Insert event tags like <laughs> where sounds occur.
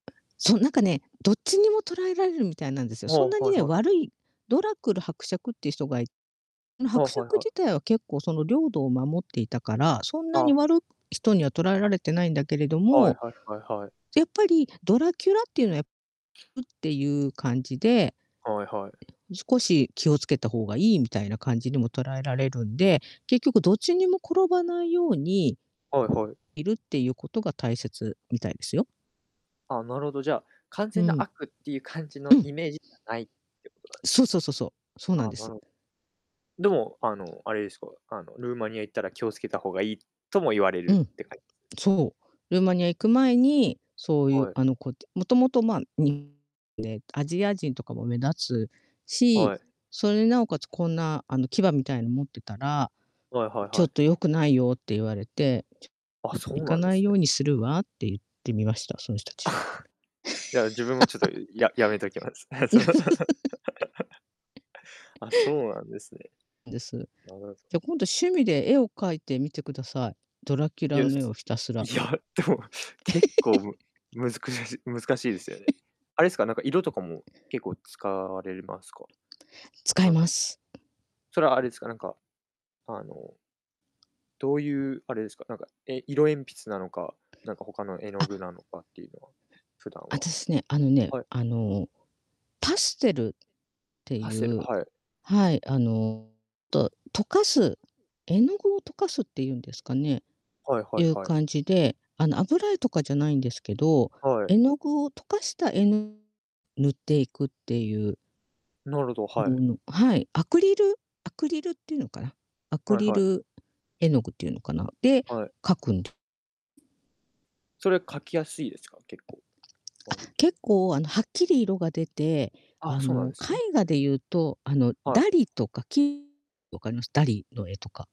そう、なんかね、どっちにも捉えられるみたいなんですよ。あそんあ、なにはいね、はい。悪いドラクル伯爵っていう人がいの、ああ、伯はい爵はい。自体は結構その領土を守っていたから、そんなあにあ。悪く人には捉えられてないんだけれどはいも、はい。はいはい。やっぱりドラキュラっていうのは、やん、ってゆう感じではいはい。少し気を付けた方がいいみたいな感じにも捉えられるんで、結局どっちにも転ばないようにはいはい。いるってゆう事が大切みたいですよ。あ、なるほど、じゃあ、完う全なん。悪ってゆう感じうのん。イメージじゃないってことなんですそうね。そうそうそう、そうなあんあ、でなす。るでも、あの、あれですか？あの、ルーマニア行ったら気を付けた方がいいとも言われうるん。って感じです？そう、ルーマニア行く前に、そうゆう、はい。あの、こと元々、まあ、にで、アジア人とかも目立つし、はい。それになおかつこんな、あの、牙みたいの持ってたら、はいはいちょはっい。と良くないよって言われて、あ、そう「行かなんでないすようね。にするわ」ってゆってみました、その人たち。<chuckles> いや、自分もちょっと、ん、<laughs> ややめときます。ええ、その <laughs> <laughs> あ、そうなんですね。です。なるほど。じゃ、今度、趣味で絵を描いてみてください、ドラキュいラや、の絵をすひたすいら。や、でも、結構 <laughs> むむずくやし難しいですよね。<laughs> あれすか？なんか、色とかも、結構使われるますか？使いなんかます。それはあれすか？なんか、あのどうゆうあれですか？なんか、え、色鉛筆なのか、なんか他の絵の具あ。なのかってゆうのは、普段あはたしね、あのね、はい。あの、パッセルってパッセル、ゆうはい。はい、あの、と溶かす絵の具を溶かすってゆうんですかね、はいはいゆうはい。感じで、あの、油絵とかじゃないんですけど、はい。絵の具を溶かした絵の塗っていくってゆうなるほど、はうい。ん、はい、アクリルアクリルってゆうのかな、アクはいリはい。ル絵の具ってゆうのかな、で、はい。描くんそれ描きやすいですか？結構。あ、割と。結構、あの、はっきり色が出て、あああ、そうなんの、ですね。絵画でゆうと、あの、はダい。リとか、き分かります？ダリの絵とか。